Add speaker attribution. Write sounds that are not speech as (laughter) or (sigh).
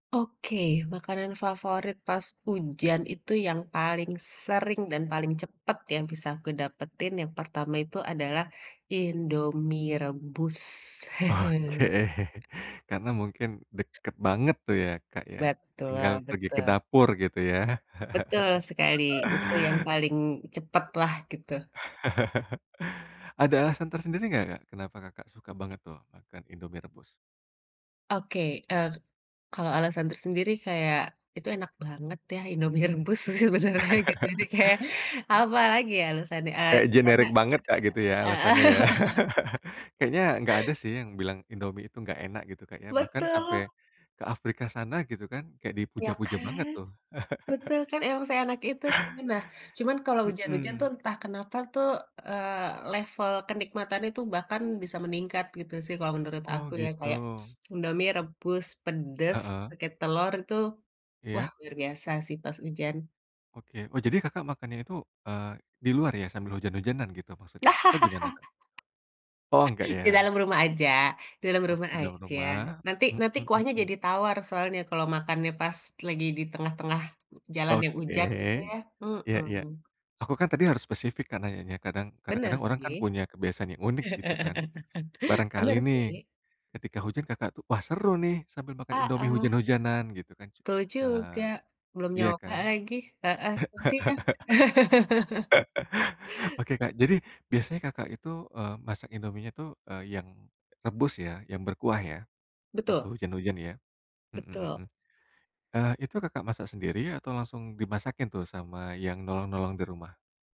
Speaker 1: Oke, makanan favorit pas hujan itu yang paling sering dan paling cepet yang bisa aku dapetin yang pertama itu adalah, Indomie rebus.
Speaker 2: Oke,
Speaker 1: (chuckles)
Speaker 2: (chuckles) karena mungkin deket banget tuh ya, Kak, ya, tinggal
Speaker 1: Betul
Speaker 2: pergi ke
Speaker 1: betul.
Speaker 2: dapur gitu ya.
Speaker 1: Betul
Speaker 2: (chuckles)
Speaker 1: sekali. Itu yang paling cepetlah gitu.
Speaker 2: (chuckles) Ada alasan tersendiri nggak, Kak, kenapa Kakak suka banget tuh makan Indomie rebus?
Speaker 1: Oke, eee, kalau alesan tersendiri kayak, itu enak banget ya Indomie rebus sebenarnya gitu jadi
Speaker 2: (chuckles)
Speaker 1: kayak apalagi ya alesannya, eee,
Speaker 2: Kayak
Speaker 1: karena,
Speaker 2: generik banget, Kak, gitu ya
Speaker 1: heeh.
Speaker 2: alasannya ya.
Speaker 1: (chuckles)
Speaker 2: (chuckles) Kayaknya nggak ada sih yang bilang Indomie itu nggak enak gitu, Kak, ya. Bahkan sampai,
Speaker 1: Betul.
Speaker 2: ke Afrika sana gitu kan kayak
Speaker 1: Ya
Speaker 2: dipuja-puja banget
Speaker 1: kan?
Speaker 2: tuh.
Speaker 1: Betul,
Speaker 2: (chuckles)
Speaker 1: kan emang seenak itu. Nah, cuman kalau hujan-hujan tuh
Speaker 2: Mhm.
Speaker 1: entah kenapa tuh, eee, level kenikmatan itu bahkan bisa meningkat gitu sih kalau menurut
Speaker 2: Oh,
Speaker 1: aku ya,
Speaker 2: gitu.
Speaker 1: kayak, Indomie rebus pedes
Speaker 2: Heeh.
Speaker 1: pake telur itu, wah
Speaker 2: Iya.
Speaker 1: luar biasa sih pas hujan.
Speaker 2: Oke. Oh, jadi Kakak makannya itu, eee, di luar ya sambil hujan-hujanan gitu maksudnya atau gimana, Kak? Oh, nggak
Speaker 1: (chuckles) Di
Speaker 2: ya.
Speaker 1: dalam rumah aja di dalam rumah
Speaker 2: Oke dalam
Speaker 1: aja.
Speaker 2: rumah,
Speaker 1: Nanti nanti
Speaker 2: mhm
Speaker 1: kuahnya
Speaker 2: mhm.
Speaker 1: jadi tawar soalnya kalau makannya pas lagi di tengah-tengah jalan yang
Speaker 2: Oke,
Speaker 1: hujan gitu ya,
Speaker 2: iya iya.
Speaker 1: hmm.
Speaker 2: Aku kan tadi harus spesifik kan nanyanya. Kadang
Speaker 1: Bener
Speaker 2: kadang-kadang orang kan
Speaker 1: sih.
Speaker 2: punya kebiasaan yang unik gitu kan.
Speaker 1: (chuckles)
Speaker 2: Barangkali
Speaker 1: Bener
Speaker 2: nih,
Speaker 1: sih.
Speaker 2: ketika hujan Kakak tuh, "Wah, seru nih sambil makan Indomie
Speaker 1: Heeh.
Speaker 2: hujan-hujanan," gitu kan,
Speaker 1: Betul juga.
Speaker 2: eee,
Speaker 1: Belum
Speaker 2: iya
Speaker 1: nyoba
Speaker 2: kan?
Speaker 1: lagi. Heeh, nanti ya.
Speaker 2: (chuckles)
Speaker 1: (chuckles)
Speaker 2: Oke, Kak. Jadi, biasanya Kakak itu, eee, masak Indomienya tuh, eee, yang rebus ya? Yang berkuah ya? Waktu
Speaker 1: Betul.
Speaker 2: hujan-hujan ya, mhm
Speaker 1: Betul.
Speaker 2: mhm, eee, itu Kakak masak sendiri atau langsung dimasakin tuh sama yang nolong-nolong di rumah?